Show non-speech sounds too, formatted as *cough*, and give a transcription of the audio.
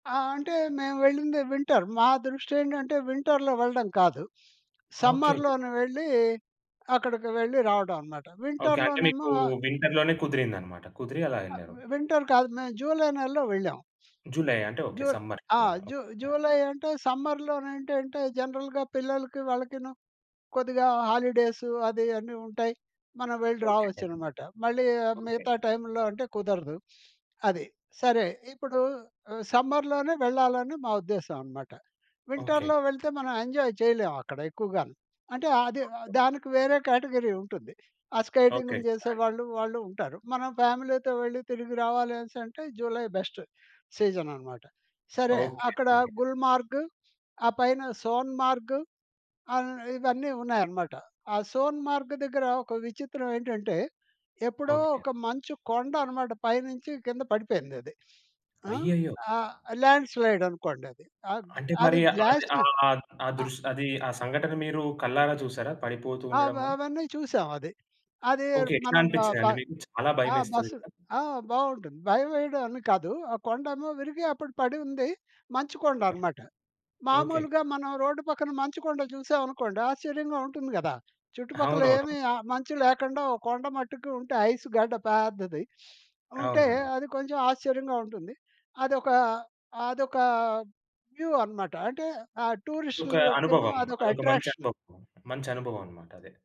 ఆ! అంటే మేము వెళ్ళిందే వింటర్. మా దృష్టేంటంటే, వింటర్‌లో వెళ్ళడం కాదు. *sniffs* ఓకే. సమ్మర్‌లోనే వెళ్ళి, అక్కడికి వెళ్ళి రావడం అనమాట. ఓకే. అంటే మీకు వింటర్‌లోనేమో వింటర్‌లోనే కుదిరిందన్నమాట. కుదిరి అలా వెళ్లారు. ఆహ్ వింటర్ కాదు. మేము జులై నెలలో వెళ్ళాం. జులై అంటే *sniffs* ఓకే. జు ఆ! సమ్మర్‌లోనే జు ఓక్ ఆ! జులై అంటే సమ్మర్‌లోనేంటంటే, జనరల్‌గా పిల్లలకి, వాళ్ళకిను కొద్దిగా హాలిడేసు అది అన్నీ ఉంటాయి. మనం వెళ్లి ఓకే అండి. రావొచ్చనమాట. మళ్ళీ ఆహ్, ఓకే. మిగతా టైముల్లో అంటే కుదరదు. *sniffs* అది. సరే. ఇప్పుడు, సమ్మర్‌లోనే వెళ్ళాలని మా ఉద్దేశ్యం అనమాట. ఓకే. వింటర్‌లో వెళితే మనం ఎంజాయ్ చేయలేమక్కడ ఎక్కువగాను. అంటే అది ఓకే. దానికి వేరే కేటగిరీ ఉంటుంది. ఆ ఓకే. స్కేటింగ్‌లు చేసే *unintelligible* వాళ్ళు వాళ్ళు ఉంటారు. మనం ఫ్యామిలీతో వెళ్ళి తిరిగి రావాలనేసి అంటే, జులై బెస్ట్ సీజన్ అనమాట. సరే ఓకే అక్కడ అండి. గుల్మార్గ్, *sniffs* ఆ పైన సోన్ మార్గ్, ఆహ్ ఇవన్నీ ఉన్నాయన్నమాట. ఆ సోన్ మార్గ్ దగ్గర ఒక విచిత్రమేంటంటే, ఎప్పుడో ఓకే. ఒక మంచు కొండనమాట. పైనుంచి కింద పడిపోయిందది. *sniffs* ఆ! అయ్యయ్యో! ఆహ్, ల్యాండ్ స్లైడ్ అనుకోండది. అ అంటే అది మరి అది గ్లాసి ఆ ఆహ్ దృష్ అది ఆ సంఘటన మీరు కళ్ళారా చూసారా పడిపోతూ ఆ! అవ ఉండడం? అవన్నీ చూసాం అది. అది ఓకే. ఎట్లా మనం ఆ ప అనిపించిందండి మీకు? చాలా ఆ! భయమేస్తది బస్సు. కదా? ఆ! బాగుంటుంది. భయం వేయడం అని కాదు. ఆ కొండేమో విరిగి అప్పుడు పడి ఉంది. మంచు కొండ ఓకే. అనమాట. ఓకే. మామూలుగా మనం రోడ్డు పక్కన మంచు కొండ చూసామనుకోండి ఆశ్చర్యంగా ఉంటుంది కదా! చుట్టుపక్కల అవునవునవును. ఏమీ ఆ మంచు లేకుండా ఒక కొండ మట్టుకు ఉంటే ఐస్ గడ్డ పెద్దది. *sniffs* ఉంటే అవునవునవును. అది కొంచెం ఆశ్చర్యంగా ఉంటుంది. అదొక అదొక వ్యూ అనమాట. అంటే ఆ ఒక టూరిస్టులకేమో అనుభవం. అదొక అదొక మంచి అట్రాక్షన్. అనుభవం. మంచి అనుభవం అన్నమాటది.